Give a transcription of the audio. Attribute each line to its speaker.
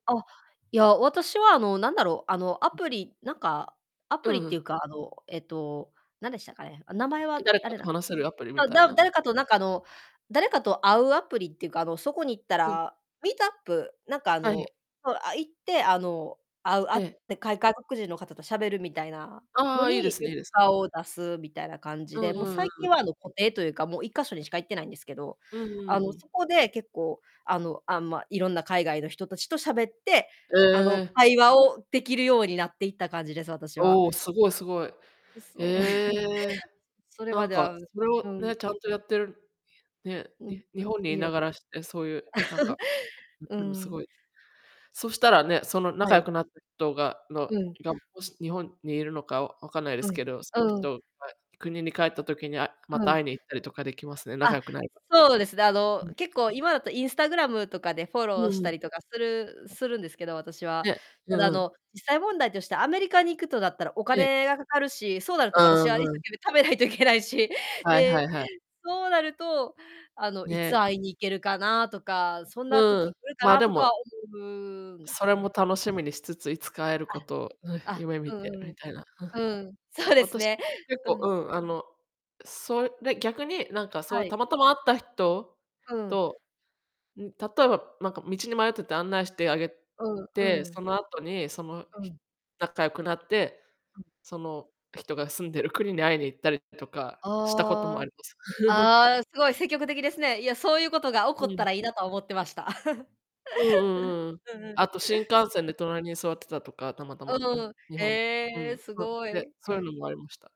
Speaker 1: あ、いや、私はあの、何だろう、あの、アプリなんか、ア
Speaker 2: う
Speaker 1: プリ
Speaker 2: ん
Speaker 1: っ
Speaker 2: う
Speaker 1: てい
Speaker 2: ん。
Speaker 1: うか、あの、えっと、何でしたかね。名前
Speaker 2: え、
Speaker 1: は、
Speaker 2: 誰
Speaker 1: あ
Speaker 2: か
Speaker 1: れ
Speaker 2: と
Speaker 1: だ。
Speaker 2: 話せるアプリみ
Speaker 1: あ、
Speaker 2: たい
Speaker 1: だ
Speaker 2: な。
Speaker 1: 誰かとなんかあの誰かと会うアプリっていうか、あの、そこに行った
Speaker 2: うん。
Speaker 1: らミートアップなんかあ
Speaker 2: はい。
Speaker 1: の、そう、あ、行って、あの、会う会
Speaker 2: え
Speaker 1: っ
Speaker 2: え。
Speaker 1: てか外国人の方と喋るみたいな
Speaker 2: あ
Speaker 1: の
Speaker 2: あ、いい
Speaker 1: に
Speaker 2: で
Speaker 1: よ
Speaker 2: すねいいで
Speaker 1: く
Speaker 2: すね。
Speaker 1: 顔を出すみたいな感じ
Speaker 2: うん
Speaker 1: で、
Speaker 2: う
Speaker 1: もう
Speaker 2: んうん
Speaker 1: 最
Speaker 2: う
Speaker 1: 近
Speaker 2: ん。
Speaker 1: はあの固定というか、もう1か所にしか行ってないんですけど。
Speaker 2: うんう
Speaker 1: あ
Speaker 2: ん
Speaker 1: の、
Speaker 2: うん。
Speaker 1: そこで結構あの、あ、ま、色んな海外の人達と喋って、
Speaker 2: え
Speaker 1: あの
Speaker 2: え。
Speaker 1: 会話をできるようになっていった感じです、私は。
Speaker 2: おお、すごいすごい。
Speaker 1: う、そう。
Speaker 2: ええ。
Speaker 1: それま
Speaker 2: なん
Speaker 1: で
Speaker 2: か
Speaker 1: は
Speaker 2: それを
Speaker 1: うん。
Speaker 2: ね、ちゃんとやってる、ね、
Speaker 1: う、うん、
Speaker 2: に日本に
Speaker 1: い
Speaker 2: いな
Speaker 1: ゆ
Speaker 2: がらしてそういうなん かん、
Speaker 1: う
Speaker 2: でもす
Speaker 1: ん。
Speaker 2: ごい、そしたらね、その
Speaker 1: は
Speaker 2: 仲良
Speaker 1: い。
Speaker 2: くなった人がの
Speaker 1: うん。
Speaker 2: がもし日本にいるのかわわかんないで
Speaker 1: う
Speaker 2: す
Speaker 1: ん。
Speaker 2: けど、その
Speaker 1: うん。
Speaker 2: 人が国に帰った時にあま
Speaker 1: う
Speaker 2: た
Speaker 1: ん。
Speaker 2: 会いに行ったりとかできますね、仲
Speaker 1: あ、
Speaker 2: 良くなれば。
Speaker 1: そうですね。あ
Speaker 2: う
Speaker 1: の
Speaker 2: ん。
Speaker 1: 結構今だとインスタグラムとかでフォ
Speaker 2: う
Speaker 1: ロー
Speaker 2: う
Speaker 1: し
Speaker 2: ん。
Speaker 1: たりとかするするんですけど、私は。
Speaker 2: ね、う
Speaker 1: た
Speaker 2: ん
Speaker 1: だ
Speaker 2: う
Speaker 1: あ
Speaker 2: ん。
Speaker 1: の実際問題としてアメリカに行くとなったらお
Speaker 2: ええ。
Speaker 1: 金がかかるし、そうなる
Speaker 2: あ
Speaker 1: と
Speaker 2: あ、
Speaker 1: 私は一
Speaker 2: う
Speaker 1: 生
Speaker 2: ん。
Speaker 1: 懸命貯めないといけないし。
Speaker 2: はいは
Speaker 1: で、
Speaker 2: いはい。
Speaker 1: そうなるとあのい
Speaker 2: ね。
Speaker 1: つ会いに行けるかなとか、そんな
Speaker 2: うん、
Speaker 1: 時来るか
Speaker 2: ま、
Speaker 1: な
Speaker 2: で
Speaker 1: とか
Speaker 2: も
Speaker 1: 思うんで
Speaker 2: そ
Speaker 1: す
Speaker 2: れも
Speaker 1: ね。
Speaker 2: 楽しみにしつつ、いつか会えるこ
Speaker 1: あ、
Speaker 2: とを
Speaker 1: あ、
Speaker 2: 夢見
Speaker 1: う
Speaker 2: て
Speaker 1: んうん。
Speaker 2: みたいな。
Speaker 1: うん。そうです
Speaker 2: 私も
Speaker 1: ね。
Speaker 2: 結
Speaker 1: う
Speaker 2: 構、
Speaker 1: ん。
Speaker 2: うん、あのそれで逆になんかそうい
Speaker 1: は
Speaker 2: う
Speaker 1: い。
Speaker 2: たまたま会った人
Speaker 1: うん。
Speaker 2: と、ん、例えばなんか道に迷ってて案内してあげ
Speaker 1: うんう
Speaker 2: て、
Speaker 1: ん。
Speaker 2: その後にその
Speaker 1: うん。
Speaker 2: 仲良くなって、その人が住んでる国に会いに行ったりとかしたことも
Speaker 1: あ
Speaker 2: あ
Speaker 1: あ。
Speaker 2: ります。
Speaker 1: ああ、すごい積極的ですね。いや、そういうことが起こ
Speaker 2: う
Speaker 1: っ
Speaker 2: ん。
Speaker 1: たらいいなとは思ってました。
Speaker 2: うんうん うんうん。
Speaker 1: うんうん。
Speaker 2: あと新幹線で隣に座ってたとか、たまたま、あ、
Speaker 1: うん。
Speaker 2: 日本で。う
Speaker 1: ええ、
Speaker 2: ん。
Speaker 1: すご
Speaker 2: で、
Speaker 1: い。
Speaker 2: そういうのもありました。